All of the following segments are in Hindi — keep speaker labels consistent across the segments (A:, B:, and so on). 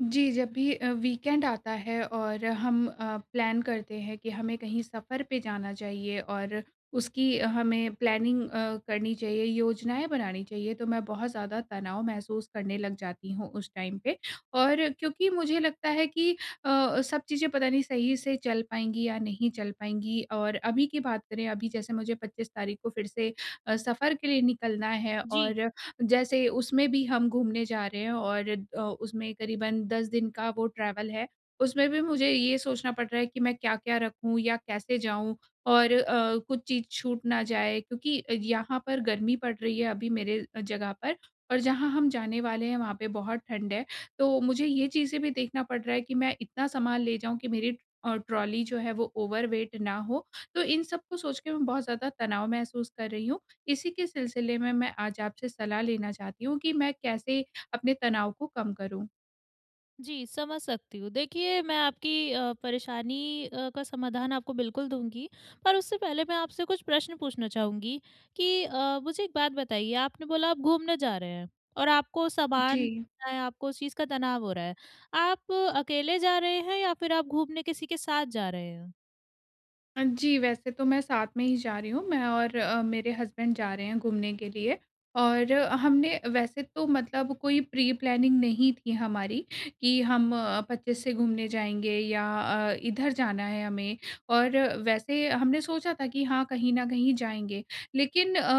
A: जी, जब भी अ, वीकेंड आता है और हम अ, प्लान करते हैं कि हमें कहीं सफर पे जाना चाहिए और उसकी हमें प्लानिंग अ, करनी चाहिए, योजनाएँ बनानी चाहिए तो मैं बहुत ज़्यादा तनाव महसूस करने लग जाती हूँ उस टाइम पे और क्योंकि मुझे लगता है कि अ अ, सब चीज़ें पता नहीं सही से चल पाएँगी या नहीं चल पाएँगी और अभी की बात करें, अभी जैसे मुझे 25 तारीख़ को फिर से अ, सफर के लिए निकलना है,
B: जी।
A: और जैसे उसमें भी हम घूमने जा रहे हैं और अ, उसमें करीबन 10 दिन का वो ट्रैवल है। उसमें भी मुझे ये सोचना पड़ रहा है कि मैं क्या-क्या रखूँ या कैसे जाऊँ, और अ, कुछ चीज़ छूट ना जाए क्योंकि अ, यहाँ पर गर्मी पड़ रही है अभी मेरे अ, जगह पर और जहाँ हम जाने वाले हैं, वहाँ पे बहुत ठंड है। तो मुझे ये चीज़ें भी देखना पड़ रहा है कि मैं इतना सामान ले जाऊँ कि मेरी अ, ट्रॉली जो है, वो ओवरवेट ना हो, तो इन सबको सोच के मैं बहुत ज़्यादा तनाव महसूस कर रही हूँ। इसी के सिलसिले में, मैं आज आपसे सलाह लेना चाहती हूँ कि मैं कैसे अपने तनाव को कम करूँ?
B: जी, समझ सकती हूँ। देखिए, मैं आपकी अ, परेशानी अ, का समाधान आपको बिल्कुल दूँगी, पर उससे पहले मैं आपसे कुछ प्रश्न पूछना चाहूँगी कि अ, मुझे एक बात बताइए, आपने बोला आप घूमने जा रहे हैं और आपको सामान
A: जी।
B: चाहे, आपको उस चीज़ का तनाव हो रहा है। आप अकेले जा रहे हैं या फिर आप घूमने किसी के साथ जा रहे हो?
A: अ, जी, वैसे तो मैं साथ में ही जा रही हूँ। मैं और अ, मेरे हज़्बन्ड जा रहे हैं घूमने के लिए और अ, हमने वैसे तो मतलब कोई प्री-प्लानिंग नहीं थी हमारी कि हम अ, 25 से घूमने जाएँगे या अ, इधर जाना है हमें। और वैसे हमने सोचा था कि हाँ, कहीं न कहीं जाएँगे। लेकिन अ,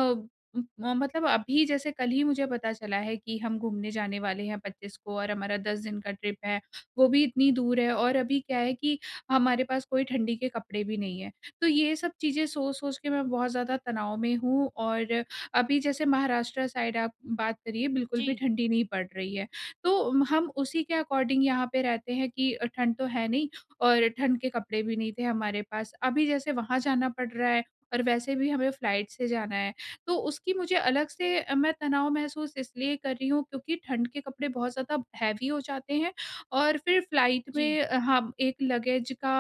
A: उम, अ, मतलब अभी जैसे कल ही मुझे पता चला है कि हम घूमने जाने वाले हैं 25 को और हमारा 10 दिन का ट्रिप है। वो भी इतनी दूर है और अभी क्या है कि हमारे पास कोई ठंडी के कपड़े भी नहीं हैं, तो ये सब चीज़ें सोच-सोच के मैं बहुत ज़्यादा तनाव में हूँ और अभी जैसे महाराष्ट्र साइड आप बात करिए, बिल्कुल भी
B: जी।
A: ठंडी नहीं पड़ रही है। तो उम, हम उसी के अकॉर्डिंग यहाँ पे रहते हैं कि अ, ठंड तो है नहीं और ठंड के कपड़े भी नहीं थे हमारे पास। अभी जैसे वहाँ जाना पड़ रहा है और वैसे भी हमें फ्लाइट से जाना है। तो उसकी मुझे अलग से अ, मैं तनाव महसूस इसलिए कर रही हूँ, क्योंकि ठंड के कपड़े बहुत ज़्यादा हेवी हो जाते हैं और फिर फ्लाइट
B: जी।
A: में अ, हाँ, एक लगेज का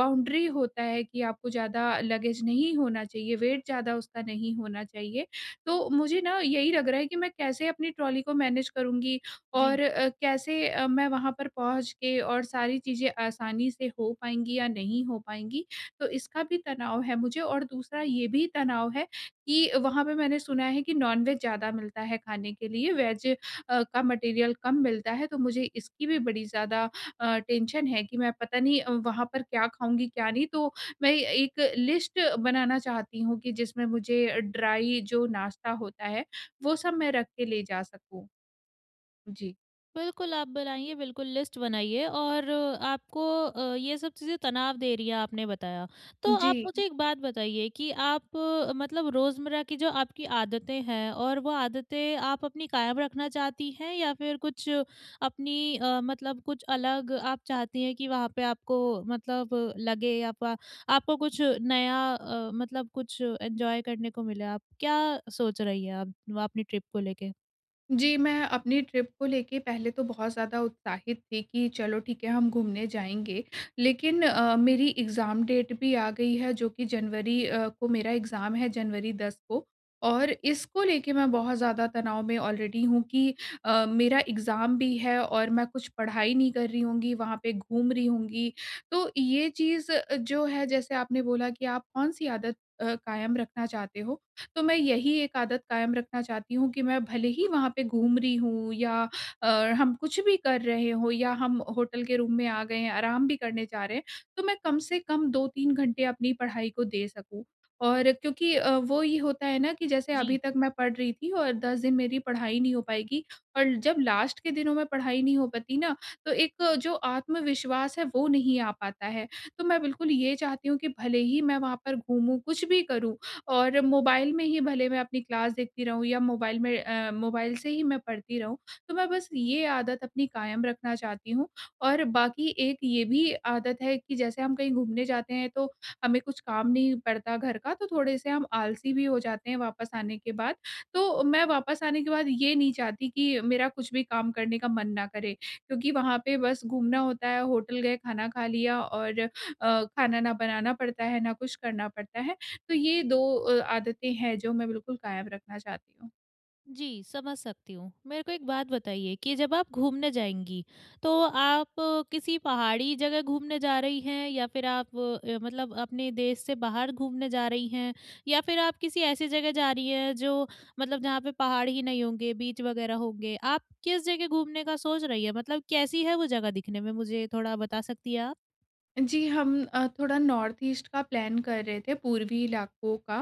A: बाउंड्री होता है कि आपको ज़्यादा लगेज नहीं होना चाहिए, वेट ज़्यादा उसका नहीं होना चाहिए। तो मुझे ना, यही लग रहा है कि मैं कैसे अपनी ट्रॉली को मैनेज करुँगी
B: जी।
A: और अ, कैसे अ, मैं वहाँ पर पहुँच के और सारी चीज़ें आसानी से हो पाएँगी या नहीं हो पाएँगी? तो इसका भी तनाव है मुझे और दूसरा ये भी तनाव है कि वहाँ पे मैंने सुना है कि नॉनवेज ज़्यादा मिलता है खाने के लिए, वेज अ, का मटीरियल कम मिलता है। तो मुझे इसकी भी बड़ी ज़्यादा अ, टेंशन है कि मैं पता नहीं अ, वहाँ पर क्या खाऊँगी, क्या नहीं। तो मैं एक लिस्ट बनाना चाहती हूँ कि जिसमें मुझे ड्राइ जो नाश्ता होता है, वो सब मैं रख के ले जा सकूँ। जी।
B: बिल्कुल, आप बनाइए बिल्कुल लिस्ट बनाइए और आपको अ, ये सब चीज़ें तनाव दे रही हैं आपने बताया। तो आप
A: जी।
B: मुझे एक बात बताइए कि आप मतलब रोज़मर्रा की जो आपकी आदतें हैं और वो आदतें आप अपनी कायम रखना चाहती हैं या फ़िर कुछ अपनी अ, मतलब कुछ अलग आप चाहती हैं कि वहाँ पे आपको मतलब लगे आपका आपको कुछ नया अ, मतलब कुछ एन्जॉय करने को मिले, आप क्या सोच रही हैं? आप वा अपनी ट्रिप को लेके?
A: जी। मैं अपनी ट्रिप को लेके पहले तो बहुत ज़्यादा उत्साहित थी कि चलो ठीक है, हम घूमने जाएँगे। लेकिन अ, मेरी एग्ज़ाम डेट भी आ गई है, जो कि जनवरी अ, को मेरा एग्ज़ाम है जनवरी दस को। और इसको लेके मैं बहुत ज़्यादा तनाव में आलरेडी हूँ कि अ, मेरा एग्ज़ाम भी है और मैं कुछ पढ़ाई नहीं कर रही होंगी, वहाँ पे घूम रही होंगी। तो ये चीज़ अ, जो है जैसे आपने बोला कि आप कौन-सी आदत अ, कायम रखना चाहते हो, तो मैं यही एक आदत कायम रखना चाहती हूँ कि मैं भले ही वहाँ पे घूम रही हूँ या और हम कुछ भी कर रहे हों या हम होटल के रूम में आ गए हैं, आराम भी करने जा रहे हैं। तो मैं कम से कम 2-3 घंटे अपनी पढ़ाई को दे सकूँ। और क्योंकि अ, वो ये होता है ना कि जैसे अभी
B: जी।
A: तक मैं पढ़ रही थी और 10 दिन मेरी पढ़ाई नहीं हो पाएगी और जब लास्ट के दिनों में पढ़ाई नहीं हो पाती ना तो एक जो आत्मविश्वास है, वो नहीं आ पाता है। तो मैं बिल्कुल ये चाहती हूँ कि भले ही मैं वहाँ पर घूमूँ, कुछ भी करूँ और मोबाइल में ही भले मैं अपनी क्लास देखती रहूँ या मोबाइल में अ, मोबाइल से ही मैं पढ़ती रहूँ। तो मैं बस ये आदत अपनी कायम रखना चाहती हूँ और बाकी एक ये भी आदत है कि जैसे हम कहीं घूमने जाते हैं तो हमें कुछ काम नहीं पड़ता घर का, तो थोड़े-से हम आलसी भी हो जाते हैं, वापस आने के बाद। तो मैं वापस आने के बाद ये नहीं चाहती कि मेरा कुछ भी काम करने का मन ना करे क्योंकि वहाँ पे बस घूमना होता है, होटल गए खाना खा लिया और अ, खाना ना बनाना पड़ता है, ना कुछ करना पड़ता है। तो ये दो अ, आदतें हैं जो मैं बिल्कुल कायम रखना चाहती हूँ।
B: जी, समझ सकती हूँ, मेरे को एक बात बताइए कि जब आप घूमने जाएँगी, तो आप किसी पहाड़ी जगह घूमने जा रही हैं? या फिर आप अ, मतलब अपने देश से बाहर घूमने जा रही हैं या फिर आप किसी ऐसी जगह जा रही हैं, जो मतलब जहाँ पे पहाड़ ही नहीं होंगे, बीच वगैरह होंगे। आप किस जगह घूमने का सोच रही हैं? मतलब कैसी है वो जगह दिखने में? मुझे थोड़ा बता सकती हैं आप?
A: जी, हम अ, थोड़ा नॉर्थ ईस्ट का प्लान कर रहे थे, पूर्वीं इलाकों का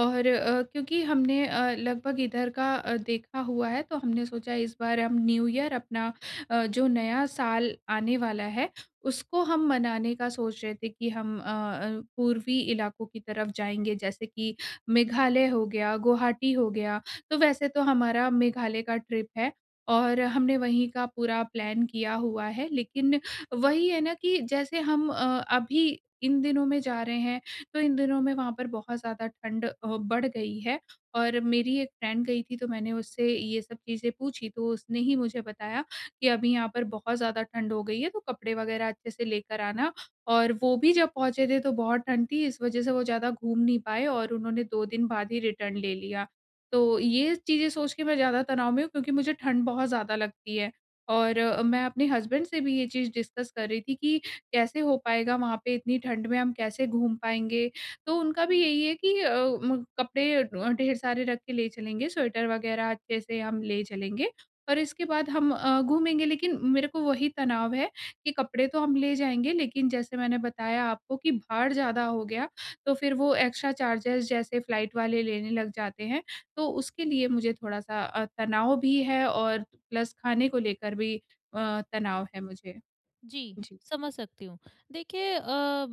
A: और अ, क्योंकि हमने अ, लगभग इधर का देखा हुआ है, तो हमने सोचा इस बार हम न्यू ईयर अपना अ, जो नया साल आने वाला है, उसको मनाने का सोच रहे थे कि हम अ अ, पूर्वीं इलाकों की तरफ जाएँगे। जैसे कि मेघालय हो गया, गुवाहाटी हो गया। तो वैसे तो हमारा मेघालय का ट्रिप है और हमने वहीं का पूरा प्लान किया हुआ है। लेकिन वहीं है ना, कि जैसे हम अ, अभी इन दिनों में जा रहे हैं, तो इन दिनों में वहाँ पर बहुत ज़्यादा ठंड अ, बढ़ गई है और मेरी एक फ्रेंड गई थी, तो मैंने उससे ये सब चीजें पूछी, तो उसने ही मुझे बताया कि अभी यहाँ पर बहुत ज़्यादा ठंड हो गई है, तो कपड़े वग़ैरह अच्छे से लेकर आना। और वो भी जब पहुँचे थे तो बहुत ठंड थी, इस वजह से वो ज़्यादा घूम नहीं पाए और उन्होंने 2 दिन बाद ही रिटर्न ले लिया। तो ये चीज़ें सोच के मैं ज़्यादा तनाव़ में हूँ, क्योंकि मुझे ठंड बहुत ज़्यादा लगती है और अ, मैं अपने हसबैंड से भी ये चीज़ डिस्कस कर रही थी कि कैसे हो पाएगा वहाँ पे इतनी ठंड में हम कैसे घूम पाएँगे? तो उनका भी यहीं है कि अ, म कपड़े अ, ढेर सारे रख के ले चलेंगे, स्वेटर वग़ैरह अच्छे से हम ले चलेंगे और इसके बाद हम अ, घूमेंगे। लेकिन मेरे को वहीं तनाव है कि कपड़े तो हम ले जाएँगे, लेकिन जैसे मैंने बताया आपको कि भार ज़्यादा हो गया, तो फिर वो एक्स्ट्रा चार्जेज़ जैसे फ्लाइट वाले लेने लग जाते हैं। तो उसके लिए मुझे थोड़ा-सा अ, तनाव़ भी है और प्लस खाने को लेकर भी अ, तनाव़ है मुझे।
B: जी,
A: जी।
B: समझ सकती हूँ। देखिए अ,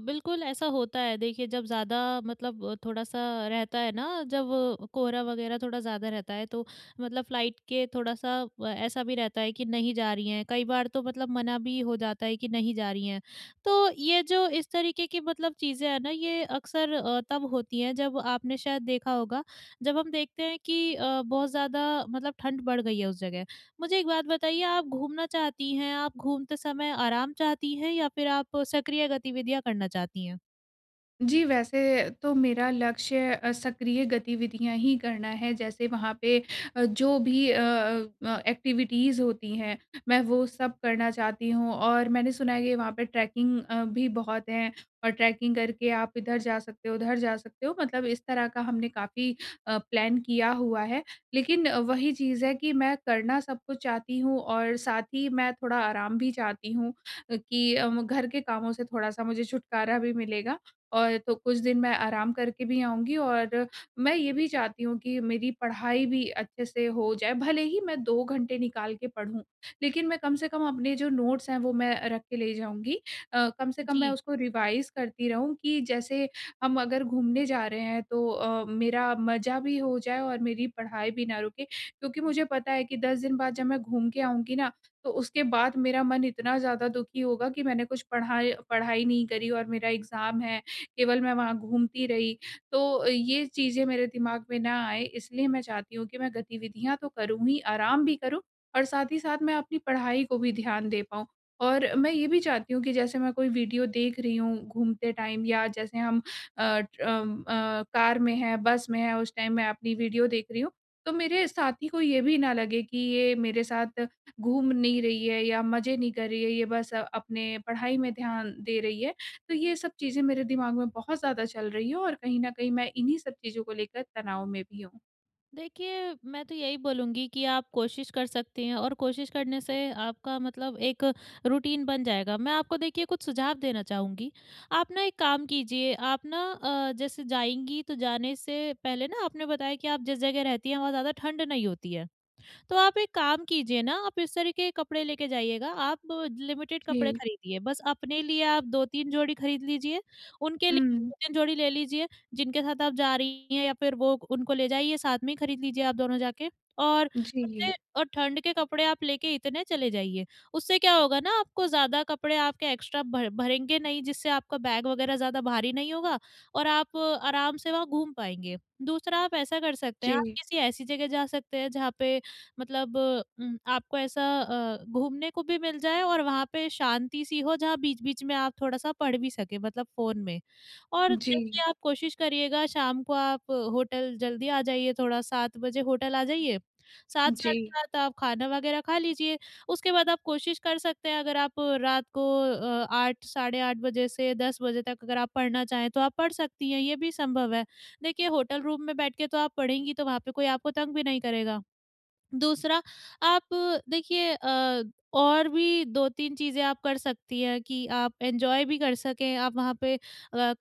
B: बिल्कुल ऐसा होता है, देखिए जब ज़्यादा मतलब थोड़ा-सा रहता है ना, जब कोहरा वग़ैरह थोड़ा ज़्यादा रहता है, तो मतलब फ्लाइट के थोड़ा-सा ऐसा भी रहता है कि नहीं जा रही हैं, कई बार तो मतलब मना भी हो जाता है कि नहीं जा रही हैं। तो ये जो इस तरीकें की मतलब चीज़ें हैं ना, ये अक्सर अ, तब होती है जब आपने शायद देखा होगा, जब हम देखते हैं कि अ, बहुत ज़्यादा मतलब ठंड बढ़ गई है उस जगह। मुझे एक बात बताइए आप घूमना चाहती हैं, आप घूमते समय आराम चाहती हैं? या फिर आप सक्रिय गतिविधियाँ करना चाहती हैं?
A: जी, वैसे तो मेरा लक्ष्य अ, सक्रिय गतिविधियाँ ही करना है, जैसे वहाँ पे अ, जो भी अ अ अ, एक्टिविटीज़ होती हैं। मैं वो सब करना चाहती हूँ और मैंने सुना है कि वहाँ पे ट्रैकिंग अ, भी बहुत हैं और ट्रैकिंग करके आप इधर जा सकते हो, उधर जा सकते हो। मतलब इस तरह का हमने काफ़ी अ, प्लान किया हुआ है। लेकिन वही चीज़ है कि मैं करना सब कुछ चाहती हूँ और साथ ही मैं थोड़ा आराम भी चाहती हूँ कि अ, घर के कामों से थोड़ा-सा मुझे छुटकारा भी मिलेगा और तो कुछ दिन मैं आराम करके भी आऊँगी और अ, मैं ये भी चाहती हूँ कि मेरी पढ़ाई भी अच्छे से हो जाए, भले ही मैं 2 घंटे निकाल के पढूँ। लेकिन मैं कम से कम अपने जो नोट्स हैं, वो मैं रख के ले जाऊँगी। अ, कम से कम मैं
B: जी।
A: उसको रिवाइज़ करती रहूँ कि जैसे हम अगर घूमने जा रहे हैं। तो अ, मेरा मज़ा भी हो जाए और मेरी पढ़ाई भी ना रुके। क्योंकि मुझे पता है कि 10 दिन बाद जब मैं घूम के आऊँगी ना, तो उसके बाद मेरा मन इतना ज़्यादा दुखी होगा कि मैंने कुछ पढ़ाय पढ़ाई नहीं करी और मेरा एग्ज़ाम है, केवल मैं वहाँ घूमती रही। तो अ, ये चीजें मेरे दिमाग में ना आए इसलिए मैं चाहती हूँ कि मैं गतिविधियाँ तो करूँ ही, आराम भी करूँ और साथ ही साथ मैं अपनी पढ़ाई को भी ध्यान दे पाऊँ। और मैं ये भी चाहती हूँ कि जैसे मैं कोई वीडियो देख रही हूँ, घूमते टाइम या जैसे हम अ, ट्र अम, अ, कार में है बस में है उस टाइम मैं अपनी वीडियो देख रही हूँ। तो मेरे साथी को ये भी ना लगे कि ये मेरे साथ घूम नहीं रही है या मज़े नहीं कर रही है, ये बस अपने पढ़ाई में ध्यान दे रही है। तो ये सब चीज़ें मेरे दिमाग में बहुत ज़्यादा चल रही हैं और कहीं न कहीं मैं इन्हीं सब चीज़ों को लेकर तनाव में भी हूँ।
B: देखिए, मैं तो यही बोलूँगी कि आप कोशिश कर सकती हैं और कोशिश करने से आपका मतलब एक रूटीन बन जाएगा। मैं आपको देखिए कुछ सुझाव देना चाहूँगी। आप ना, एक काम कीजिए आप ना, अ, जैसे जाएँगी तो जाने से पहले ना, आपने बताया कि आप जिस जगह रहती हैं, वहाँ ज़्यादा ठंड नहीं होती है। तो आप एक काम कीजिए ना, आप इस तरीक़े के कपड़े लेके जाइएगा। आप लिमिटेड कपड़े
A: जी।
B: खरीदिए। बस अपने लिए आप 2-3 जोड़ी खरीद लीजिए, उनके लिए
A: हुँ।
B: 2-3 जोड़ी ले लीजिए, जिनके साथ आप जा रही हैं या फिर वो उनको ले जाइए साथ में ही खरीद लीजिए आप दोनों जाके। और कपड़े
A: जी।
B: और ठंड के कपड़े आप लेके इतने चले जाइए, उससे क्या होगा ना, आपको ज़्यादा कपड़े आपके एक्स्ट्रा भर भरेंगे नहीं जिससे आपका बैग वग़ैरह ज़्यादा भारी नहीं होगा और आप आराम से वहाँ घूम पाएँगे। दूसरा आप ऐसा कर सकते हैं, आप
A: जी।
B: किसी ऐसी जगह जा सकते हैं, जहाँ पे मतलब उम, आपको ऐसा अ, घूमने को भी मिल जाए और वहाँ पे शांति-सी हो जहाँ बीच-बीच में आप थोड़ा-सा पढ़ भी सकें, मतलब फ़ोन में। और
A: जी।
B: देखिए आप कोशिश करिएगा शाम को आप होटल जल्दी आ जाइए थोड़ा 7 बजे होटल आ जाइए, 7 साढ़े
A: जी।
B: 7 आप खाना वग़ैरह खा लीजिए, उसके बाद आप कोशिश कर सकते हैं, अगर आप रात को अ, 8 साढ़े 8 बजे से 10 बजे तक अगर आप पढ़ना चाहें, तो आप पढ़ सकती हैं, ये भी संभव है। देखिए होटल रूम में बैठ के तो आप पढ़ेंगी, तो वहाँ पे कोई आपको तंग भी नहीं करेगा। दूसरा आप देखिए अ, और भी 2-3 चीज़ें आप कर सकती हैं कि आप एन्जॉय भी कर सकें। आप वहाँ पे अ,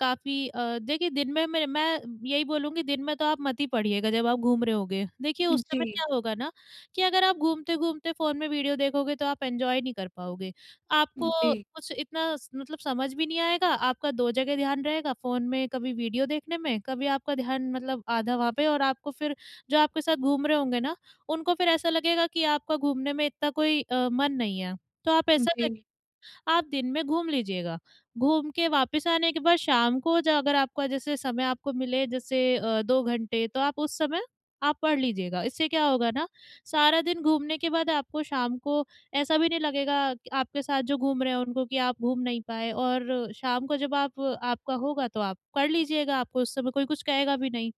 B: काफ़ी अ, देखिए दिन में, मैं यही बोलूँगी दिन में तो आप मत ही पढ़िएगा, जब आप घूम रहे होंगे। देखिए उस समय
A: जी।
B: क्या होगा ना, कि अगर आप घूमते-घूमते फ़ोन में वीडियो देखोगे, तो आप एन्जॉय नहीं कर पाओगे। आपको
A: जी।
B: कुछ इतना स मतलब समझ भी नहीं आएगा, आपका 2 जगह ध्यान रहेगा फ़ोन में कभी वीडियो देखने में, कभी आपका ध्यान मतलब आधा वहाँ पे और आपको फिर जो आपके साथ घूम रहे होंगे ना, उनको फिर ऐसा लगेगा कि आपका घूमने में इतना कोई अ, मन नहीं है। तो आप
A: उ,
B: ऐसा
A: जी।
B: करिए, आप दिन में घूम लीजिएगा। घूम के वापस आने के बाद शाम को अगर आपका जैसे समय आपको मिले जैसे अ, 2 घंटे तो आप उस समय आप पढ़ लीजिएगा। इससे क्या होगा ना, सारा दिन घूमने के बाद आपको शाम को ऐसा भी नहीं लगेगा, क आपके साथ जो घूम रहे हैं उनको कि आप घूम नहीं पाए और शाम को जब आप आपका होगा, तो आप पढ़ लीजिएगा, आपको उस समय कोई कुछ कहेगा भी नहीं।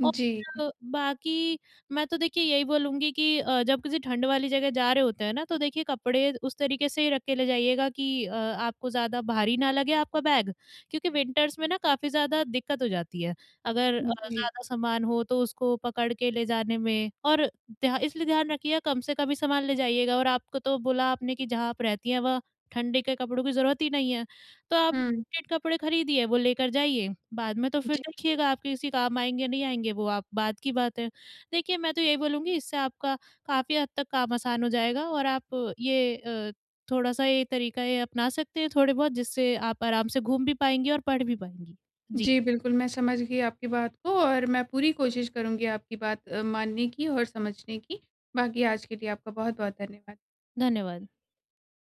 A: जी।
B: और बाक़ी, मैं तो देखिए यही बोलूँगी कि अ, जब किसी ठंड वाली जगह जा रहे होते हैं ना, तो देखिए कपड़े उस तरीक़े से ही रख के ले जाइएगा कि अ, आपको ज़्यादा भारी ना लगे आपका बैग क्योंकि विंटर्स में ना, काफ़ी ज़्यादा दिक्कत हो जाती है। अगर अ,
A: हुँ, जी।
B: ज़्यादा सामान हो तो उसको पकड़ के ले जाने में और ध्या इसलिए ध्यान रखिए कम से कम ही सामान ले जाइएगा और आपको तो बोला आपने कि जहाँ आप रहती हैं वहाँ ठंडी के कपड़ों की ज़रूरत ही नहीं है, तो आप
A: हुँ।
B: ठंडे कपड़े खरीदिए वो लेकर जाइए, बाद में तो फिर
A: जी।
B: देखिएगा आपके किसी काम आएँगे नहीं आएँगे, वो आप बाद की बात है। देखिए मैं तो यही बोलूँगी इससे आपका काफ़ी हद तक काम आसान हो जाएगा और आप ये अ, थोड़ा-सा ये तरीक़ा ये अपना सकते हैं, थोड़े बहुत जिससे आप आराम से घूम भी पाएँगे और पढ़ भी पाएँगी। जी।
A: जी, बिल्कुल, मैं समझ गई आपकी बात को और मैं पूरी कोशिश करूँगी आपकी बात अ, मानने की और समझने की। बाक़ी आज के लिए आपका बहुत-बहुत धन्यवाद।
B: धन्यवाद।